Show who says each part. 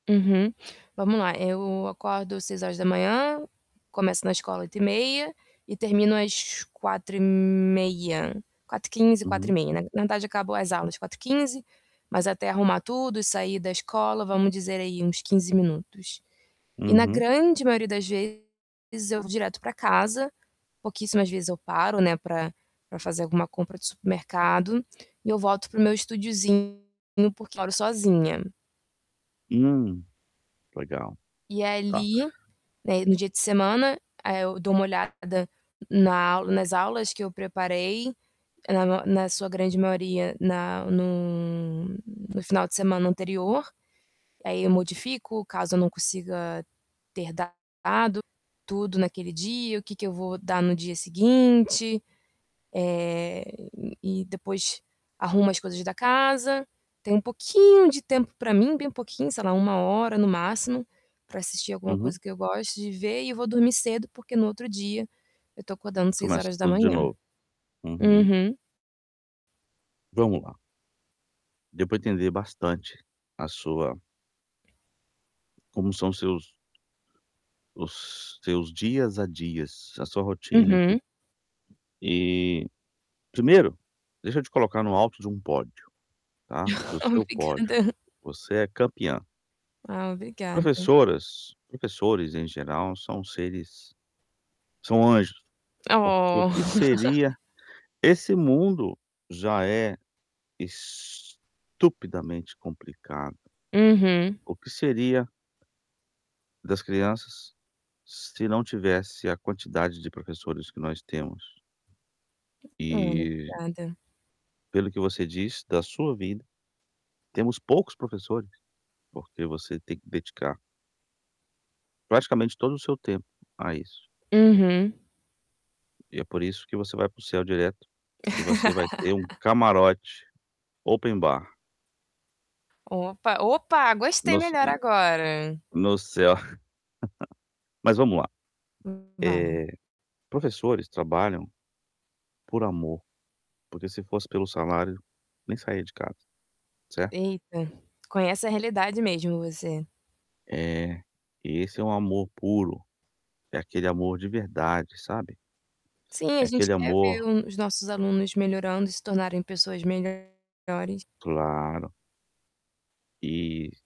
Speaker 1: Uhum. Vamos lá, eh, eu acordo 06:00. Começo na escola 08:30 e termino às 16:30. 16:15, quatro e
Speaker 2: Uhum.
Speaker 1: meia. Na na verdade, acabam as aulas 16:15, mas até arrumar tudo, sair da escola, vamos dizer aí uns 15 minutos. E na
Speaker 2: Uhum.
Speaker 1: grande maioria das vezes eu vou direto pra casa. Pouquíssimas vezes eu paro, né, pra pra fazer alguma compra de supermercado e eu volto para o meu estudiozinho, porque moro sozinha.
Speaker 2: Hum, legal.
Speaker 1: E
Speaker 2: Tá.
Speaker 1: ali, né, no dia de semana, eh, eu dou uma olhada na aula nas aulas que eu preparei. Na ma na sua grande maioria, na no no final de semana anterior. Aí, eu modifico caso eu não consiga ter dado tudo naquele dia, o que que eu vou dar no dia seguinte. Eh, e depois arrumo as coisas da casa. Tenho um pouquinho de tempo pra mim, bem pouquinho, sei lá, 1 hora no máximo, pra assistir alguma
Speaker 2: Uhum.
Speaker 1: coisa que eu goste de ver. E vou dormir cedo, porque no outro dia eu tô acordando seis
Speaker 2: Começa
Speaker 1: horas da
Speaker 2: tudo de
Speaker 1: manhã.
Speaker 2: novo. Uhum.
Speaker 1: Uhum.
Speaker 2: Vamos lá. Deu pra entender bastante a sua Como são seus os seus dias a dias, a sua rotina e tudo.
Speaker 1: Uhum.
Speaker 2: Eh, primeiro, deixa eu te colocar no alto de um pódio, tá, do seu pódio.
Speaker 1: Obrigada.
Speaker 2: Você é campeã.
Speaker 1: Ah, obrigada.
Speaker 2: Professoras, professores, em geral, são seres são anjos. Porque o que
Speaker 1: Oh!
Speaker 2: seria esse mundo já é estupidamente complicado.
Speaker 1: Uhum.
Speaker 2: O que seria das crianças se não tivesse a quantidade de professores que nós temos?
Speaker 1: Olha,
Speaker 2: E
Speaker 1: obrigada.
Speaker 2: pelo que você diz, da sua vida, temos poucos professores, porque você tem que dedicar praticamente todo o seu tempo a isso.
Speaker 1: Uhum.
Speaker 2: E é por isso que você vai para o céu direto e você vai ter um camarote open bar.
Speaker 1: Opa, opa! Gostei
Speaker 2: Nos
Speaker 1: melhor
Speaker 2: hum,
Speaker 1: agora.
Speaker 2: no céu. Mas vamo lá.
Speaker 1: Hum.
Speaker 2: Eh,
Speaker 1: Vamos.
Speaker 2: professores trabalham por amor, porque se fosse pelo salário, nem saía de casa, certo?
Speaker 1: Eita. Conhece a realidade mesmo, você.
Speaker 2: Eh, esse é um amor puro. É aquele amor de verdade, sabe?
Speaker 1: Sim, a
Speaker 2: É
Speaker 1: gente
Speaker 2: aquele
Speaker 1: quer ver
Speaker 2: amor
Speaker 1: o os nossos alunos melhorando e se tornarem pessoas melhores.
Speaker 2: Claro. E